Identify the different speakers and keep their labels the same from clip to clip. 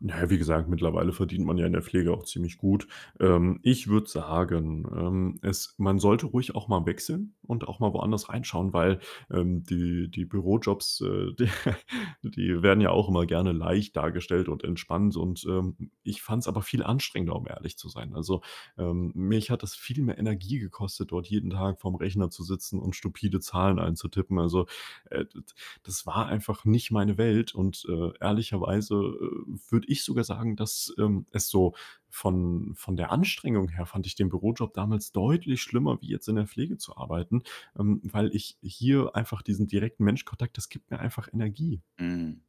Speaker 1: Na ja, wie gesagt, mittlerweile verdient man ja in der Pflege auch ziemlich gut. Ähm, ich würde sagen, ähm, es man sollte ruhig auch mal wechseln und auch mal woanders reinschauen, weil, ähm, die die Bürojobs, äh, die werden ja auch immer gerne leicht dargestellt und entspannt und, ähm, ich fand's aber viel anstrengender, um ehrlich zu sein. Also, ähm, mich hat das viel mehr Energie gekostet, dort jeden Tag vor'm Rechner zu sitzen und stupide Zahlen einzutippen. Also, äh, d das war einfach nicht meine Welt und, äh, ehrlicherweise, äh, würde ich sogar sagen, dass, ähm, es so von von der Anstrengung her fand ich den Bürojob damals deutlich schlimmer, wie jetzt in der Pflege zu arbeiten, ähm, weil ich hier einfach diesen direkten Menschkontakt das gibt mir einfach Energie.
Speaker 2: Mhm.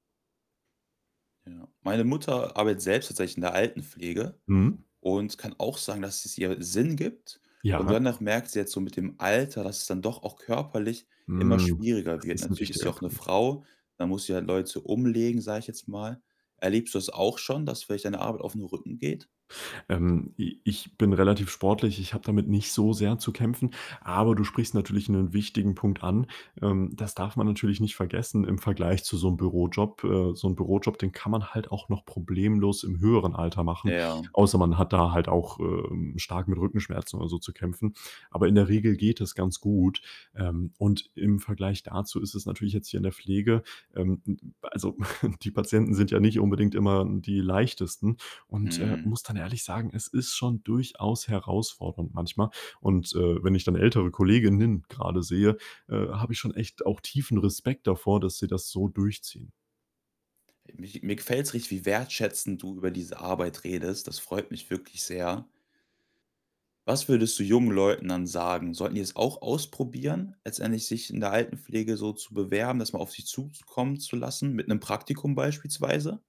Speaker 2: Ja. Meine Mutter arbeitet selbst tatsächlich in der Altenpflege
Speaker 1: Mhm.
Speaker 2: und kann auch sagen, dass es ihr Sinn gibt. Und
Speaker 1: Ja.
Speaker 2: dennoch merkt sie jetzt so mit dem Alter, dass es dann doch auch körperlich immer
Speaker 1: Mhm,
Speaker 2: schwieriger
Speaker 1: das
Speaker 2: wird.
Speaker 1: ist 'n
Speaker 2: Natürlich ist sie
Speaker 1: wichtiger
Speaker 2: auch 'ne
Speaker 1: Punkt.
Speaker 2: Frau, da muss sie halt Leute umlegen, sage ich jetzt mal. Erlebst du das auch schon, dass vielleicht deine Arbeit auf 'n Rücken geht?
Speaker 1: Ähm, i ich bin relativ sportlich. Ich habe damit nicht so sehr zu kämpfen, aber du sprichst natürlich 'nen wichtigen Punkt an. Ähm, das darf man natürlich nicht vergessen im Vergleich zu so 'nem Bürojob. Äh, so 'n Bürojob, den kann man halt auch noch problemlos im höheren Alter machen,
Speaker 2: Ja.
Speaker 1: außer man hat da halt auch, äh, ähm, stark mit Rückenschmerzen oder so zu kämpfen. Aber in der Regel geht es ganz gut. Ähm, und im Vergleich dazu ist es natürlich jetzt hier in der Pflege ähm, hm, also die Patienten sind ja nicht unbedingt immer die leichtesten und, äh,
Speaker 2: Mhm.
Speaker 1: muss dann ehrlich sagen, es ist schon durchaus herausfordernd manchmal. Und, äh, wenn ich dann ältere Kolleginnen grade sehe, äh, habe ich schon echt auch tiefen Respekt davor, dass sie das so durchziehen.
Speaker 2: Mi mir gefällt's richtig, wie wertschätzend du über diese Arbeit redest. Das freut mich wirklich sehr. Was würdest du jungen Leuten dann sagen? Sollten die es auch ausprobieren, letztendlich sich in der Altenpflege so zu bewerben, das mal auf sich zu zukommen zu lassen mit 'nem Praktikum beispielsweise?